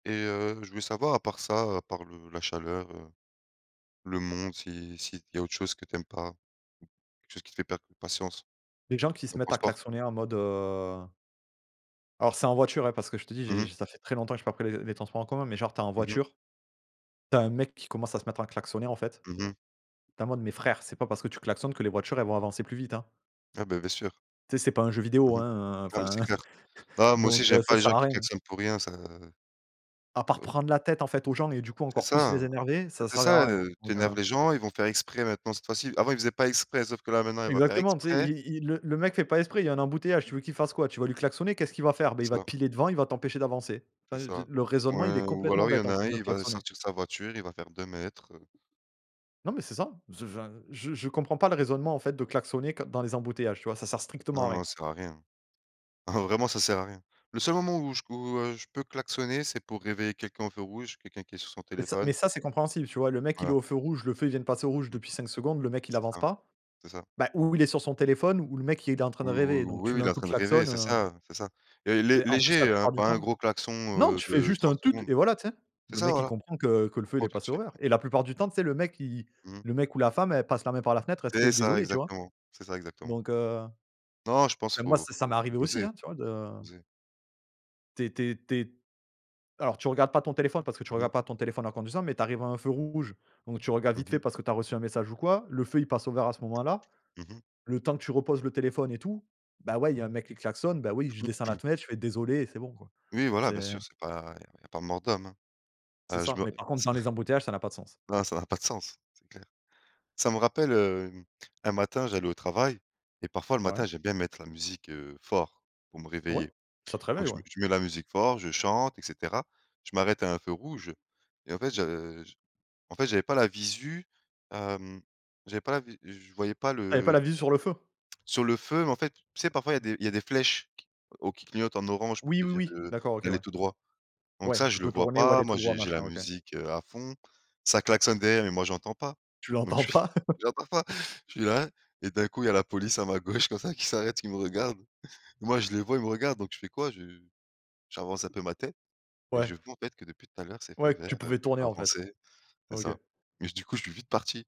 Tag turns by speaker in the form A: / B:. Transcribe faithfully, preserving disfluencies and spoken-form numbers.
A: Et, heu, je voulais savoir à part ça, à part le la chaleur, heu, le monde si s'il y a autre chose que tu aimes pas? Ou quelque chose qui te fait perdre patience?
B: Les gens qui se
A: Le
B: mettent à
A: transport?
B: klaxonner en mode, heu Alors, c'est en voiture hein, parce que je te dis,
A: Mmh
B: j'ai
A: mh.
B: ç ça fait très longtemps j'ai pas pris les les transports en commun, mais genre tu es en
A: Mmh mh.
B: voiture, tu as un mec qui commence à se mettre à klaxonner en fait.
A: Mmh mh.
B: Tu es en mode: «Mais frère, c'est pas parce que tu klaxonnes que les voitures elles vont avancer plus vite hein»
A: Ah beh, bien sûr.
B: «tu sais, c'est pas un jeu vidéo
A: Mmh mh,
B: hein?»,
A: ah, mais
B: enfin
A: c'est clair. Bah, moi
B: donc,
A: aussi,
B: heu
A: j'aime
B: ça
A: pas les
B: sert
A: gens
B: à
A: qui
B: rien.
A: klaxonnent pour rien, ça
B: À part
A: heu
B: prendre la tête en fait aux gens et du coup
A: C'est
B: encore plus
A: ça,
B: les
A: beh,
B: énerver, ça va
A: c'est
B: servir à
A: ça,
B: rien
A: heu, tu
B: donc,
A: énerves
B: heu
A: les gens, ils vont faire exprès maintenant cette fois-ci. Avant, ils faisaient pas exprès, sauf que là, maintenant, ils vont faire
B: Exactement, tu sais,
A: exprès.
B: i i le le mec fait pas exprès, il y a un embouteillage, tu veux qu'il fasse quoi? Tu vas lui klaxonner, qu'est-ce qu'il va faire? Bah, il
A: C'est
B: va te
A: ça.
B: piler devant, il va t'empêcher d'avancer.
A: C'est
B: Enfin, je
A: ça.
B: le raisonnement, il est
A: Ouais, ou
B: complètement
A: alors il y
B: bête
A: en
B: en
A: a
B: fait
A: un,
B: de
A: il va
B: klaxonner.
A: sortir sa voiture, il va faire deux mètres heu
B: Non, mais c'est ça, enfin, je je comprends pas le
A: Mmh.
B: raisonnement en fait de klaxonner qu dans les embouteillages tu vois, ça sert strictement
A: Non,
B: à rien.
A: non, ça sert à rien hein? Oh, vraiment, ça sert à rien. Le seul moment où je où heu, je peux klaxonner, c'est pour réveiller quelqu'un au feu rouge, quelqu'un qui est sur son
B: Mais ça
A: téléphone.
B: mais ça, c'est compréhensible, tu vois? Le mec il est
A: Voilà.
B: au feu rouge, le feu il vient de passer au rouge
A: Mmh mh.
B: depuis cinq secondes, le mec il
A: C'est
B: avance
A: ça,
B: pas,
A: c'est ça.
B: bah, ou il est sur son téléphone, ou le mec il était en train
A: Ou
B: de
A: ou
B: rêver, donc
A: ou
B: tu
A: ou
B: mets
A: il est
B: un
A: en
B: coup de
A: train de rêver,
B: klaxon
A: c'est
B: heu
A: ça, heu, c'est ça. Et
B: Tu
A: lé
B: sais en plus la
A: léger, hein,
B: plupart du
A: pas un
B: temps
A: gros klaxon,
B: non
A: heu,
B: tu fais
A: de
B: juste
A: trente
B: un «Tut!»
A: secondes.
B: et voilà tu sais.
A: C'est
B: Le
A: ça
B: mec il
A: voilà,
B: comprend que
A: il
B: que le feu il
A: comprend
B: est
A: tout de
B: passé au
A: suite,
B: vert,
A: ouais,
B: et la plupart
A: c'est ça.
B: du temps tu sais le mec qui i
A: Mmh.
B: le mec ou la femme elle passe la main par la fenêtre, elle te
A: C'est
B: fait:
A: ça
B: «désolée» tu vois?
A: exactement, c'est ça exactement.
B: Donc heu
A: Non, je pense
B: bah moi
A: faut
B: ça ça m'est
A: faut faut
B: arrivé aussi,
A: doser
B: hein, tu vois de
A: doser.
B: Tu es tu es tu es alors tu regardes pas ton téléphone parce que tu
A: Mmh mh.
B: regardes pas ton téléphone en conduisant, mais tu arrives à un feu rouge. Donc tu regardes
A: Mmh
B: vite fait
A: mh.
B: parce que tu as reçu un message ou quoi, le feu il passe au vert à ce moment-là.
A: Mmh mh.
B: Le temps que tu reposes le téléphone et tout, bah ouais il y a un mec qui klaxonne, bah oui je descends la fenêtre, je fais: «Désolé» et c'est bon quoi.
A: Oui voilà,
B: C'est
A: bien sûr, c'est pas il y a il y a pas mort d'homme, hein.
B: C'est
A: Heu, je
B: ça,
A: me
B: mais par contre
A: ça
B: dans les embouteillages ça n'a pas de sens.
A: n non ça n'a pas de sens, c'est clair. Ça me rappelle, heu, un matin, j'allais au travail et parfois le
B: Ouais.
A: matin, j'aime bien mettre la musique, heu, fort pour me
B: Oui,
A: réveiller.
B: ça te
A: Donc
B: réveille,
A: je mets
B: ouais.
A: je mets la musique fort, je chante, et cetera. Je m'arrête à un feu rouge et en fait, je je en fait, j'avais pas la visu, hem, j'avais pas la vi je voyais pas
B: Ah, il y avait pas
A: le
B: la
A: tu
B: visu
A: sais,
B: sur le feu?
A: sur le feu, en fait, tu sais parfois il y a des il y a des flèches q au qui clignotent en orange pour te
B: Oui oui
A: dire,
B: oui,
A: heu,
B: d'accord OK
A: d'aller
B: ouais.
A: tout droit. Donc
B: Ouais
A: ça,
B: tu
A: je le
B: peux
A: vois
B: tourner ou
A: pas,
B: aller
A: moi
B: tout droit
A: j'ai j'ai la
B: machin, OK.
A: musique, heu, à fond, ça klaxonne derrière, mais moi j'entends pas,
B: Tu
A: donc
B: l'entends
A: je
B: pas.
A: j'entends pas, je suis là et d'un coup il y a la police à ma gauche comme ça qui s'arrête, qui me regarde moi je les vois, ils me regardent, donc je fais quoi? Je j'avance un peu ma tête et
B: Ouais.
A: je vois en fait que depuis tout à l'heure, c'est feu
B: Ouais, que
A: vert,
B: tu
A: heu,
B: pouvais
A: tu
B: tourner
A: peux
B: en fait.
A: avancer, c'est ça.
B: OK.
A: Mais du coup, je suis vite parti.